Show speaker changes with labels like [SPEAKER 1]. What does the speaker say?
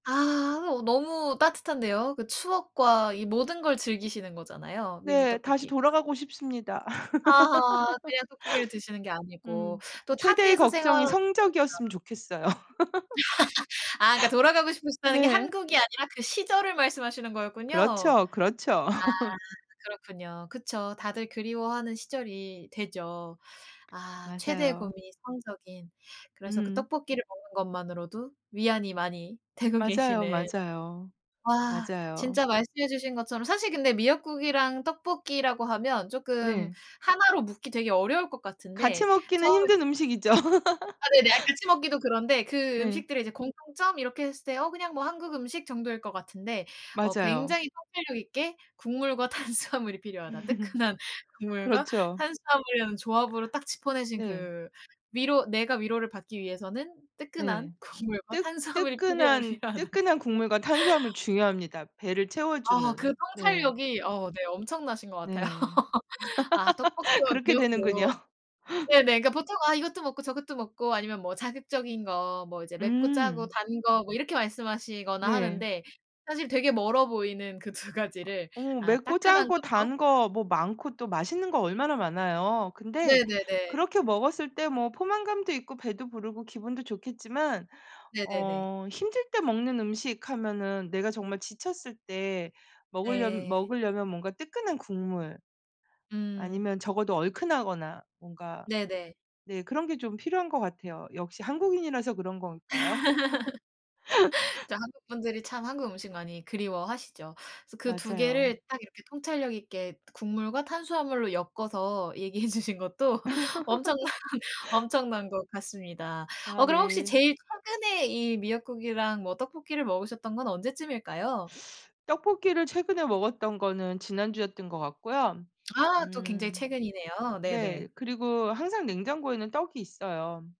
[SPEAKER 1] 아 어 너무 따뜻한데요. 그 추억과 이 모든 걸 즐기시는 거잖아요. 미미
[SPEAKER 2] 네 다시
[SPEAKER 1] 떡볶이.
[SPEAKER 2] 돌아가고 싶습니다.
[SPEAKER 1] 아하 그냥 떡볶이를 드시는 게 아니고
[SPEAKER 2] 음
[SPEAKER 1] 또
[SPEAKER 2] 최대의
[SPEAKER 1] 타지에서 생활
[SPEAKER 2] 걱정이 성적이었으면
[SPEAKER 1] [unintelligible]
[SPEAKER 2] 좋겠어요.
[SPEAKER 1] 아 그러니까 돌아가고 싶으시다는 게
[SPEAKER 2] 네.
[SPEAKER 1] 한국이 아니라 그 시절을 말씀하시는 거였군요.
[SPEAKER 2] 그렇죠, 그렇죠.
[SPEAKER 1] 아 그렇군요. 그쵸. 다들 그리워하는 시절이 되죠. 아 최대의
[SPEAKER 2] 맞아요.
[SPEAKER 1] 고민이 성적인 그래서 그
[SPEAKER 2] 음.
[SPEAKER 1] 떡볶이를 먹는 것만으로도 위안이 많이 되고
[SPEAKER 2] 맞아요,
[SPEAKER 1] 계시는.
[SPEAKER 2] 맞아요.
[SPEAKER 1] 아 그
[SPEAKER 2] 맞아요.
[SPEAKER 1] 진짜 말씀해 주신 것처럼 사실 근데 미역국이랑 떡볶이라고 하면 쪼끔
[SPEAKER 2] 네.
[SPEAKER 1] 하나로 묶기 되게 어려울 것
[SPEAKER 2] 같이
[SPEAKER 1] 같은데
[SPEAKER 2] 먹기는
[SPEAKER 1] 처음에
[SPEAKER 2] 힘든 음식이죠.
[SPEAKER 1] 아 네네 같이 먹기도 그런데 그
[SPEAKER 2] 네.
[SPEAKER 1] 음식들의 이제 공통점 이렇게 했을 때 어 그냥 뭐 한국 음식 정도일 것 같은데 어
[SPEAKER 2] 맞아요.
[SPEAKER 1] 굉장히 통찰력 있게 국물과 탄수화물이 필요하다. 뜨끈한 국물과
[SPEAKER 2] 그렇죠.
[SPEAKER 1] 탄수화물이라는 조합으로 딱 짚어내신
[SPEAKER 2] 네.
[SPEAKER 1] 그 위로 내가 위로를 받기 위해서는 뜨끈한
[SPEAKER 2] 네
[SPEAKER 1] 국물과
[SPEAKER 2] 뜨
[SPEAKER 1] 탄수화물이 필요하
[SPEAKER 2] 뜨끈한,
[SPEAKER 1] 필요하다.
[SPEAKER 2] 뜨끈한 국물과 탄수화물 중요합니다. 배를
[SPEAKER 1] 아 그
[SPEAKER 2] 채워주는. 네.
[SPEAKER 1] 통찰력이 어 네 엄청나신 것 같아요.
[SPEAKER 2] 네
[SPEAKER 1] 아 떡볶이와
[SPEAKER 2] 그렇게 되는군요.
[SPEAKER 1] 미역국. 네네 그러니까 보통 아 이것도 먹고 저것도 먹고 아니면 뭐 자극적인 거, 뭐 이제 맵고 짜고
[SPEAKER 2] 음.
[SPEAKER 1] 단 거 뭐 이렇게 말씀하시거나
[SPEAKER 2] 네.
[SPEAKER 1] 하는데 사실 되게 멀어 보이는 그 2 가지를
[SPEAKER 2] 어
[SPEAKER 1] 아
[SPEAKER 2] 맵고
[SPEAKER 1] 따끈한
[SPEAKER 2] 짜고
[SPEAKER 1] 걸로
[SPEAKER 2] 단 거 뭐 많고 또 맛있는 거 얼마나 많아요. 근데
[SPEAKER 1] 네네네.
[SPEAKER 2] 그렇게 먹었을 때 뭐 포만감도 있고 배도 부르고 기분도 좋겠지만
[SPEAKER 1] 네네네.
[SPEAKER 2] 어 힘들 때 먹는 음식 하면은 내가 정말 지쳤을 때 먹을려
[SPEAKER 1] 네.
[SPEAKER 2] 먹을려면 뭔가 뜨끈한 국물
[SPEAKER 1] 음.
[SPEAKER 2] 아니면 적어도 얼큰하거나 뭔가.
[SPEAKER 1] 네네.
[SPEAKER 2] 네 그런 게 좀 필요한 것 같아요. 역시 한국인이라서 그런 걸까요?
[SPEAKER 1] 진짜 한국분들이 참 한국 음식을 많이 그리워하시죠. 그래서 그 2
[SPEAKER 2] 맞아요.
[SPEAKER 1] 개를 딱 이렇게 통찰력 있게 국물과 탄수화물로 엮어서 얘기해 주신 것도 엄청난 엄청난 것 같습니다.
[SPEAKER 2] 아
[SPEAKER 1] 어 그럼 혹시
[SPEAKER 2] 네.
[SPEAKER 1] 제일 최근에 이 미역국이랑 뭐 떡볶이를 먹으셨던 건 언제쯤일까요?
[SPEAKER 2] 떡볶이를 최근에 먹었던 거는 지난주였던 것 같고요.
[SPEAKER 1] 아 또 굉장히
[SPEAKER 2] 음
[SPEAKER 1] 최근이네요. 네네.
[SPEAKER 2] 네 그리고 항상 냉장고에는 떡이 있어요.